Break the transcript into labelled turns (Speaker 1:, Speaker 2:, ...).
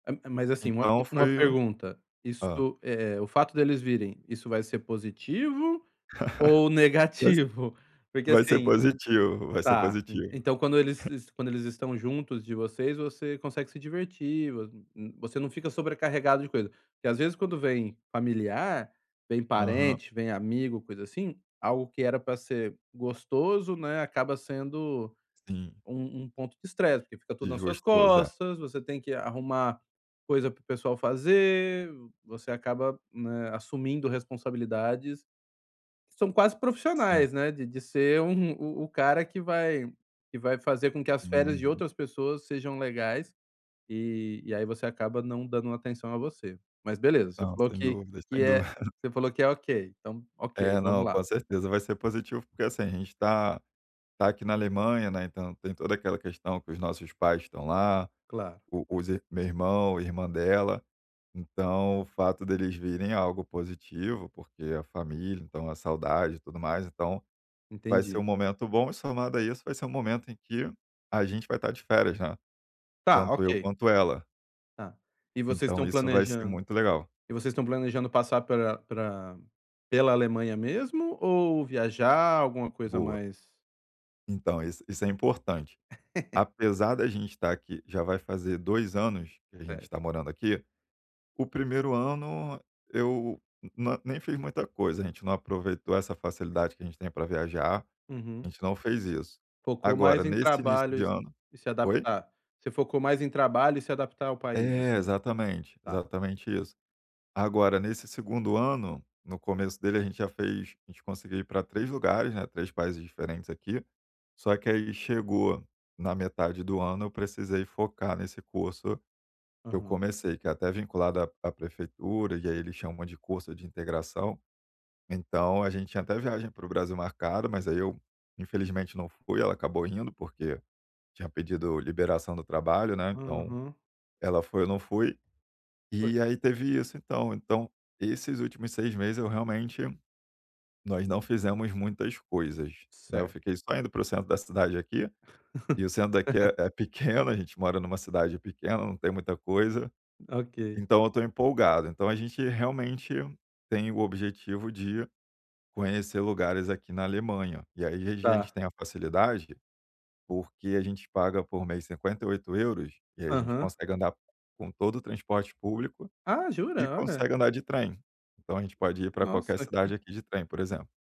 Speaker 1: É é, mas, assim, uma u
Speaker 2: Então
Speaker 1: uma
Speaker 2: foi o
Speaker 1: pergunta. Isso
Speaker 2: hã.
Speaker 1: é o fato deles virem, isso vai ser positivo ou
Speaker 2: Vai s
Speaker 1: negativo? Porque
Speaker 2: vai ser
Speaker 1: assim
Speaker 2: positivo, vai ser
Speaker 1: tá. En
Speaker 2: positivo.
Speaker 1: então quando eles se quando eles estão juntos de vocês, você consegue se divertir, vo hum hum você não fica sobrecarregado de coisa. Porque às vezes quando vem familiar, vem
Speaker 2: Aham.
Speaker 1: parente, vem amigo, coisa assim, algo que era pra ser gostoso, né, acaba sendo
Speaker 2: Sim.
Speaker 1: um um ponto de estresse, porque fica
Speaker 2: E
Speaker 1: tudo nas suas
Speaker 2: justo o [unintelligible]
Speaker 1: costas, você tem que arrumar coisa para o pessoal fazer, você acaba, eh, assumindo responsabilidades são quase
Speaker 2: Sim.
Speaker 1: profissionais, né, de de ser um o-o cara que vai que vai fazer com que as férias de
Speaker 2: Uhum.
Speaker 1: outras pessoas sejam legais, e e aí você acaba não dando atenção a você. Mas, beleza, você
Speaker 2: Não,
Speaker 1: falou
Speaker 2: sem
Speaker 1: que
Speaker 2: dúvida,
Speaker 1: que
Speaker 2: sem
Speaker 1: é
Speaker 2: dúvida.
Speaker 1: você falou que é OK, então OK,
Speaker 2: É,
Speaker 1: vamos
Speaker 2: não,
Speaker 1: lá.
Speaker 2: com certeza, vai ser positivo porque, assim, a gente tá tá está aqui na Alemanha, né, então tem toda aquela questão que os nossos pais estão lá,
Speaker 1: Claro.
Speaker 2: o os meu irmão, irmã dela, então, o fato deles virem é algo positivo porque a família então a saudade e tudo mais, então vai ser um
Speaker 1: Entendi.
Speaker 2: momento bom e somado a isso vai ser um momento em que a gente vai estar de férias, né.
Speaker 1: Tá.
Speaker 2: Tanto eu
Speaker 1: OK.
Speaker 2: quanto ela.
Speaker 1: Tá. E vocês
Speaker 2: Então
Speaker 1: estão
Speaker 2: isso vai ser
Speaker 1: planejando
Speaker 2: muito legal.
Speaker 1: e vocês estão planejando passar pela pra pela Alemanha mesmo ou viajar, alguma coisa
Speaker 2: Boa.
Speaker 1: mais
Speaker 2: Então, isso isso é importante. Apesar da gente estar aqui, já vai fazer 2 anos, que a gente
Speaker 1: Certo.
Speaker 2: tá morando aqui, o 1º ano eu na nem fiz muita coisa, a gente não aproveitou essa facilidade que a gente tem pra viajar, a
Speaker 1: Uhum.
Speaker 2: gente não fez isso.
Speaker 1: Focou
Speaker 2: Agora
Speaker 1: mais em
Speaker 2: nesse início
Speaker 1: trabalho
Speaker 2: de
Speaker 1: e
Speaker 2: ano
Speaker 1: e se
Speaker 2: oi?
Speaker 1: adaptar. Você focou mais em trabalho e se adaptar ao país,
Speaker 2: É
Speaker 1: assim.
Speaker 2: exatamente,
Speaker 1: Tá.
Speaker 2: exatamente isso. Agora, nesse 2º ano, no começo dele a gente já fez a gente conseguiu ir pra 3 lugares, né, 3 países diferentes aqui, só que aí chegou na metade do ano, eu precisei focar nesse curso que eu
Speaker 1: Uhum.
Speaker 2: comecei, que é até vinculado à à prefeitura e aí eles chamam de curso de integração. Então, a gente tinha até viagem para o Brasil marcada mas aí eu, infelizmente não fui ela acabou indo porque tinha pedido liberação do trabalho, né, então,
Speaker 1: Uhum.
Speaker 2: ela foi, eu não fui.
Speaker 1: Por
Speaker 2: E aí teve isso, então então, esses últimos 6 meses eu realmente nós não fizemos muitas coisas, né. Eu
Speaker 1: Certo.
Speaker 2: fiquei só indo para o centro da cidade aqui, e o centro daqui é é pequeno, a gente mora numa cidade pequena, não tem muita coisa,
Speaker 1: OK.
Speaker 2: então eu tô empolgado. Então a gente, realmente, tem o objetivo de conhecer lugares aqui na Alemanha. E aí, às vezes, a gente
Speaker 1: Tá.
Speaker 2: tem a facilidade, porque a gente paga por mês 58€, e a gente
Speaker 1: Aham.
Speaker 2: consegue andar com todo o transporte público,
Speaker 1: Ah,
Speaker 2: e
Speaker 1: jura? Olha.
Speaker 2: consegue andar de trem. Então a gente pode ir pra qualquer
Speaker 1: Nossa,
Speaker 2: cidade
Speaker 1: que
Speaker 2: aqui de trem, por exemplo.